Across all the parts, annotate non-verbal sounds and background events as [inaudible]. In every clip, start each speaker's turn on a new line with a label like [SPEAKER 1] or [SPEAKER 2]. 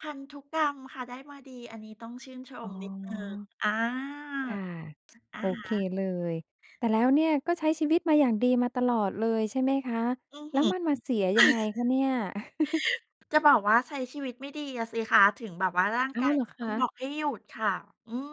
[SPEAKER 1] พันธุกรรมค่ะ ได้มาดี อันนี้ต้องชื่นช
[SPEAKER 2] อ๋
[SPEAKER 1] ม
[SPEAKER 2] อ
[SPEAKER 1] นิดหนึ่ง อา
[SPEAKER 2] ค่ะ
[SPEAKER 1] ถึ อะ
[SPEAKER 2] โอ
[SPEAKER 1] ฮ
[SPEAKER 2] เค
[SPEAKER 1] ะ
[SPEAKER 2] เลย แต่แล้วเนี่ยก็ใช้ชีวิตมาอย่างดีมาตลอดเลย ใช่ไหมคะ?
[SPEAKER 1] อือ
[SPEAKER 2] แล
[SPEAKER 1] ฮ
[SPEAKER 2] ้
[SPEAKER 1] ึ
[SPEAKER 2] ว
[SPEAKER 1] [chuckles]
[SPEAKER 2] มันมาเสียยังไงคะเนี่ย? [chuckles]
[SPEAKER 1] จะบอกว่า ใช้ชีวิตไม่ดีอะสิคะ ถึงแบบว่าร่าง
[SPEAKER 2] อ้
[SPEAKER 1] ก
[SPEAKER 2] า
[SPEAKER 1] า
[SPEAKER 2] ว
[SPEAKER 1] ย
[SPEAKER 2] เหรอ
[SPEAKER 1] ถึง
[SPEAKER 2] ค
[SPEAKER 1] ต้องบ
[SPEAKER 2] ะ?
[SPEAKER 1] อกให้หยุดค่ะ อืม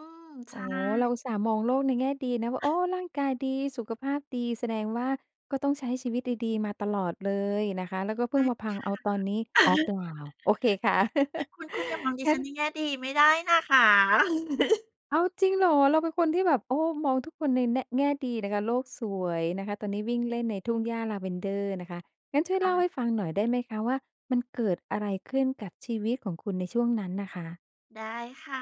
[SPEAKER 1] ใช
[SPEAKER 2] อ๋อ
[SPEAKER 1] ่
[SPEAKER 2] เราอุตส่าห์มองโลกในแง่ดีนะว่า โอ้
[SPEAKER 1] [chuckles]
[SPEAKER 2] ร่างกายดี สุขภาพดี แสดงว่า ก็ต้องใช้ชีวิตดี ๆ มาตลอดเลยนะคะ แล้วก็เพ
[SPEAKER 1] ไม
[SPEAKER 2] ิ่ง
[SPEAKER 1] ่
[SPEAKER 2] มาพังเอาตอนนี้
[SPEAKER 1] ค่ะ
[SPEAKER 2] อ๋อ เป
[SPEAKER 1] [chuckles]
[SPEAKER 2] ล่า โอเคค่ะ [chuckles]
[SPEAKER 1] คุณ คุณ อย่ามองดิ
[SPEAKER 2] งั้
[SPEAKER 1] ฉั
[SPEAKER 2] น
[SPEAKER 1] นในแง่ดี ไม่ได้นะคะ [giggles]
[SPEAKER 2] อ้าว จริงเหรอ? เราเป็นคนที่แบบ โอ้ มองทุกคนในแน่ะ แง่ดีนะคะ โลกสวยนะคะ ตอนนี้วิ่งเล่นในทุ่งหญ้า Lavender นะคะ งั้นช่วย
[SPEAKER 1] อ
[SPEAKER 2] เล่
[SPEAKER 1] า
[SPEAKER 2] าให้ฟังหน่อยได้ไหมคะ? ว่า มันเกิดอะไรขึ้นกับชีวิตของคุณในช่วงนั้นน่ะค่ะ?
[SPEAKER 1] ได้ค่ะ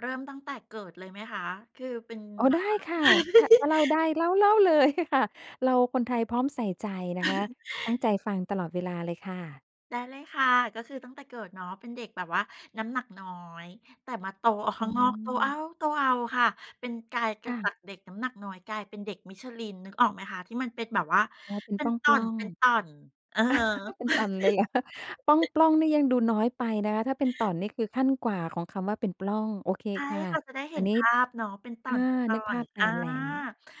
[SPEAKER 1] เริ่มตั้งแต่เกิดเลยไหมคะ? คือเป็น
[SPEAKER 2] อ๋อ
[SPEAKER 1] แบ
[SPEAKER 2] ได้
[SPEAKER 1] บว่า
[SPEAKER 2] ค่ะ ถะ ถ้าเล่าได
[SPEAKER 1] [giggles]
[SPEAKER 2] ้ เล่า เล่า เลย ค่ะ เราคนไทยพร้อมใส่ใจนะคะ
[SPEAKER 1] [chuckles]
[SPEAKER 2] ตั้งใจฟังตลอดเวลาเลยค่ะ
[SPEAKER 1] ได้เลยค่ะ ก็คือตั้งแต่เกิดเนาะเป็นเด็กแบบว่าน้ำหนักน้อย แต่มาโตเอาข
[SPEAKER 2] อ
[SPEAKER 1] ้
[SPEAKER 2] ๋
[SPEAKER 1] าง
[SPEAKER 2] อ
[SPEAKER 1] นอก โตเอ๊าโตเอาค่ะ เป็นกลาย เก
[SPEAKER 2] ค
[SPEAKER 1] ิ
[SPEAKER 2] ่
[SPEAKER 1] ดจ
[SPEAKER 2] ะ
[SPEAKER 1] ากเด็กน้ำหนักน้อย กลายเป็นเด็ก Michelin นึกออกไหมคะ? ที่มันเป็นแบบว่า
[SPEAKER 2] อ๋อ เป็น
[SPEAKER 1] เป็
[SPEAKER 2] ป
[SPEAKER 1] น
[SPEAKER 2] ล้อ
[SPEAKER 1] ต่
[SPEAKER 2] ง
[SPEAKER 1] อ
[SPEAKER 2] ๆ
[SPEAKER 1] น ๆ เออ
[SPEAKER 2] [chuckles] เป็นต่อนเลยเหรอ? ปล้อง
[SPEAKER 1] [chuckles]
[SPEAKER 2] ๆ นี่ยังดูน้อยไปนะคะ ถ้าเป็นต่อนนี่คือขั้นกว่าของคำว่า เป็นปล้อง โอเค
[SPEAKER 1] ใช่
[SPEAKER 2] ค่ะ
[SPEAKER 1] ค่ะ จะได้เ
[SPEAKER 2] ต
[SPEAKER 1] ห
[SPEAKER 2] า
[SPEAKER 1] ็น
[SPEAKER 2] นี
[SPEAKER 1] ภ
[SPEAKER 2] ้
[SPEAKER 1] าพเนาะ เป็นต
[SPEAKER 2] อ
[SPEAKER 1] ่
[SPEAKER 2] า น
[SPEAKER 1] อ
[SPEAKER 2] ึกภ
[SPEAKER 1] น
[SPEAKER 2] าพต
[SPEAKER 1] ๆ
[SPEAKER 2] า
[SPEAKER 1] อา
[SPEAKER 2] มแล้ว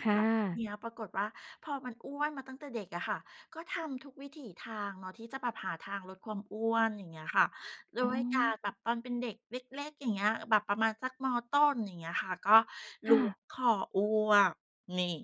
[SPEAKER 2] ค่
[SPEAKER 1] แล้วทีเ
[SPEAKER 2] ะ
[SPEAKER 1] นี้ยปรากฏว่า พอมันอ้วนมาตั้งแต่เด็กอะค่ะ ก็ทำทุกวิถีทางเนาะที่จะแบบหาทางลดความอ้วน อย่างเงี้ยค่ะ ด้
[SPEAKER 2] อ๋
[SPEAKER 1] วยการ
[SPEAKER 2] อ
[SPEAKER 1] แบบตอนเป็นเด็กเล็ก ๆ อย่างเงี้ย แบบประมาณสัก ม.ต้น อย่างเงี้ยค่ะ ก็ล
[SPEAKER 2] ค
[SPEAKER 1] ้
[SPEAKER 2] ่
[SPEAKER 1] ว
[SPEAKER 2] ะ
[SPEAKER 1] งคออ้วก นี่